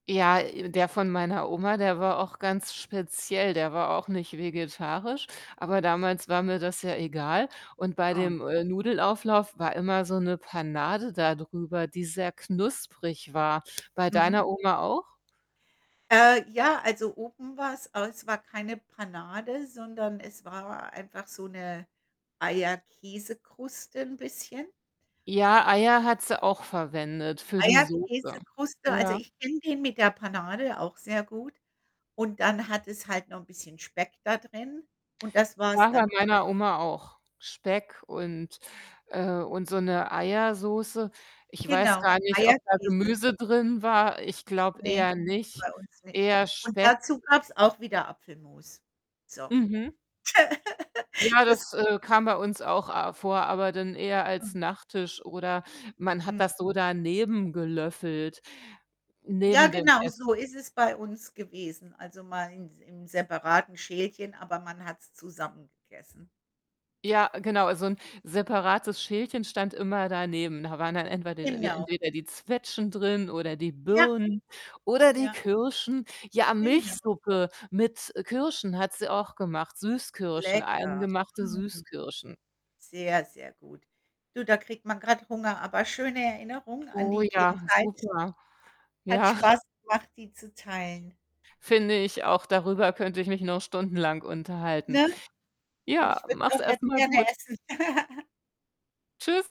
Ja, äh, der von meiner Oma, der war auch ganz speziell. Der war auch nicht vegetarisch, aber damals war mir das ja egal und bei Oh. dem, äh, Nudelauflauf war immer so 'ne Panade dadrüber, die sehr knusprig war. Bei Mhm. deiner Oma auch? Äh, ja, also, oben war's es war keine Panade, sondern es war einfach so 'ne Eierkäsekruste 'n bisschen. Ja, Eier hat sie auch verwendet für die Soße. Eierkäsekruste, also, Ja? ich kenne den mit der Panade auch sehr gut und dann hat es halt noch 'n bisschen Speck da drin und das Ja, war's dann bei auch meiner schon. Oma auch. Speck und, äh und so 'ne Eiersoße. Ich weiß Genau, gar nicht, ob da Eier-Käse. Gemüse drin war, ich glaube Ne, eher nicht, bei uns nicht eher und Speck. dazu gab's auch wieder Apfelmus. So. Mhm. Ja, Das, das, hm äh, kam bei uns auch a vor, aber dann eher als Mhm. Nachtisch oder man hat Mhm. das so daneben gelöffelt, Ja, neben dem genau, Ess so ist es bei uns gewesen. Also, mal ins im separaten Schälchen, aber man hat's zusammen gegessen. Ja, genau, so 'n separates Schälchen stand immer daneben. Da waren dann entweder we Genau. entweder die Zwetschgen drin oder die Ja. Birnen oder die Ja. Kirschen. Ja, Genau. Milchsuppe mit, äh, Kirschen hat sie auch gemacht, Süßkirschen, Lecker. eingemachte Mm. Süßkirschen. Sehr, sehr gut. Du, da kriegt man grad Hunger, aber schöne Erinnerung an Oh die ja, Kindheit super. hat Ja. Spaß gemacht, die zu teilen Finde ich auch, darüber könnte ich mich noch stundenlang unterhalten. ne? Und Ja, ich würde es mach's auch jetzt erst mal gerne gut. essen. Tschüss.